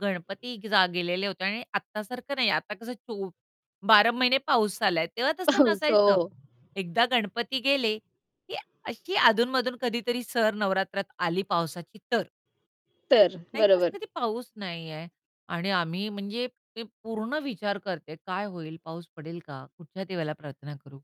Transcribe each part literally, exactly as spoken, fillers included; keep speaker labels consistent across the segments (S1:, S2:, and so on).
S1: गणपती जा गेलेले होते आणि आता सारखं नाही. आता कसं चो बारा महिने पाऊस आला आहे. तेव्हा तसं
S2: सो
S1: नसायचं एकदा गणपती गेले, की अशी अधून-मधून कधीतरी सर नवरात्रात आली पावसाची तर.
S2: तर
S1: नाहीतर असं
S2: बरोबर.
S1: कधी पाऊस नाही आहे आणि आम्ही म्हणजे ते पूर्ण विचार करते, काय होईल पाऊस पडेल का? कुठच्या देवाला प्रार्थना करू?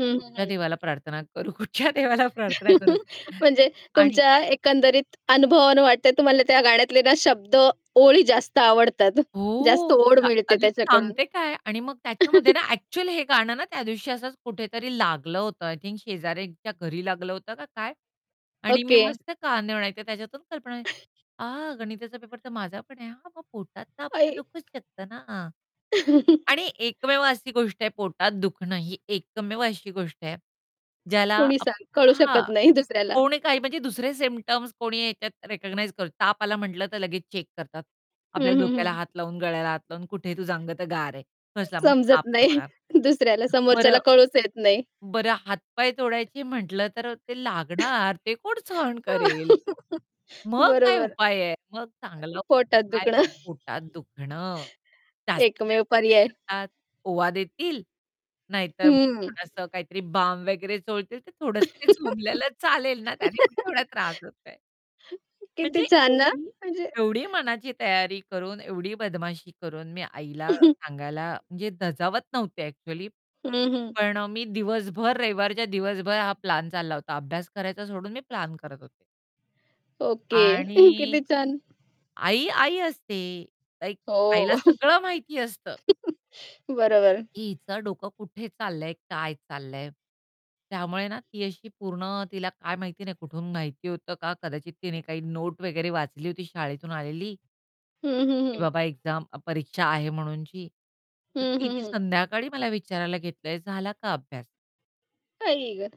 S2: हं, हं,
S1: कुठच्या
S2: हं.
S1: देवाला प्रार्थना करू, कुठच्या देवाला प्रार्थना करू?
S2: म्हणजे
S1: आणि
S2: तुमच्या एकंदरीत अनुभवावरून वाटतं तुम्हाला त्या गाण्यातले ना शब्द ओळी जास्त आवडतात. जास्त
S1: हो.
S2: ओढ
S1: अ,
S2: मिळते
S1: अरे,
S2: त्याच्याकडून.
S1: सांगते काय आणि मग त्याच्यामध्ये ना ॲक्चुअली हे गाणं ना त्यादिवशी असंच कुठेतरी लागलं होतं, आय थिंक शेजाऱ्याच्या घरी लागलं होतं का काय? आणि मी
S2: ओके.
S1: मस्त कान देऊन ऐकते त्याच्यातून कल्पना अ, गणिताचा पेपर तर माझा पण आहे हां मग पोटात तर आपल्या
S2: आई.
S1: दुखूच शकत ना. हां, आणि एकमेव अशी गोष्ट आहे पोटात दुखणं ही एकमेव अशी गोष्ट आहे ज्याला
S2: कुणी
S1: आप
S2: सांग कळू
S1: हां,
S2: शकत नाही दुसऱ्याला.
S1: कोणी काही म्हणजे दुसरे सिम्प्टम्स कोणी ह्याच्यात रिकग्नाइज कर ताप आला म्हटलं तर लगेच चेक करतात.
S2: हं,
S1: आपल्या
S2: हं,
S1: डोक्याला
S2: हं.
S1: हात लावून, गळ्याला हात लावून, कुठे आहे तुझं अंग तर गार आहे. फसला मग
S2: समजत
S1: ताप नाही
S2: नाही.
S1: होणार.
S2: दुसऱ्याला समोरच्याला
S1: बरं
S2: कळूच येत नाही.
S1: बरं हात-पाय तोडायची म्हटलं तर अ, ते लागणार ते कोण सहन करेल? मग काय
S2: बरोबर.
S1: उपाय आहे? मग चांगला
S2: पोटात
S1: उपाय आहे
S2: दुखणं.
S1: पोटात दुखणं. जास्तीत
S2: एकमेव
S1: जास्त काय
S2: पर्याय.
S1: करतात ओवा देतील, नाहीतर मग
S2: हं.
S1: थोडंसं काहीतरी बाम वगैरे चोळतील तर थोडंसं ते झोपल्याला चालेल ना, त्याने कुठे एवढा त्रास होतोय.
S2: किती
S1: म्हणजे
S2: छान ना.
S1: एवढी
S2: म्हणजे
S1: एवढी मनाची तयारी करून, एवढी बदमाशी करून, मी आईला सांगायला म्हणजे धजावत नव्हते ॲक्चुअली,
S2: हं, हं.
S1: पण अ, मी दिवसभर रविवारच्या दिवसभर हा प्लॅन चालला होता अभ्यास करायचा सोडून मी प्लॅन करत होते.
S2: ओके.
S1: आणि
S2: किती छान.
S1: आई, आई असते, लाइक
S2: हो, ओ.
S1: आईला सगळं माहिती असतं.
S2: बरोबर.
S1: की हिचं डोकं कुठे चाललंय? काय चाललंय? त्यामुळे ना ती अशी पूर्ण तिला काय माहिती नाही कुठून माहिती होतं का? कदाचित तिने काही नोट वगैरे वाचली होती शाळेतून आलेली
S2: हं, हं,
S1: की
S2: हं.
S1: बाबा एक्झाम अ, परीक्षा आहे म्हणूनची, तर
S2: हं,
S1: ती
S2: हं,
S1: ती
S2: हं.
S1: संध्याकाळी मला विचारायला घेतलंय "झाला का अभ्यास?"
S2: आई ग?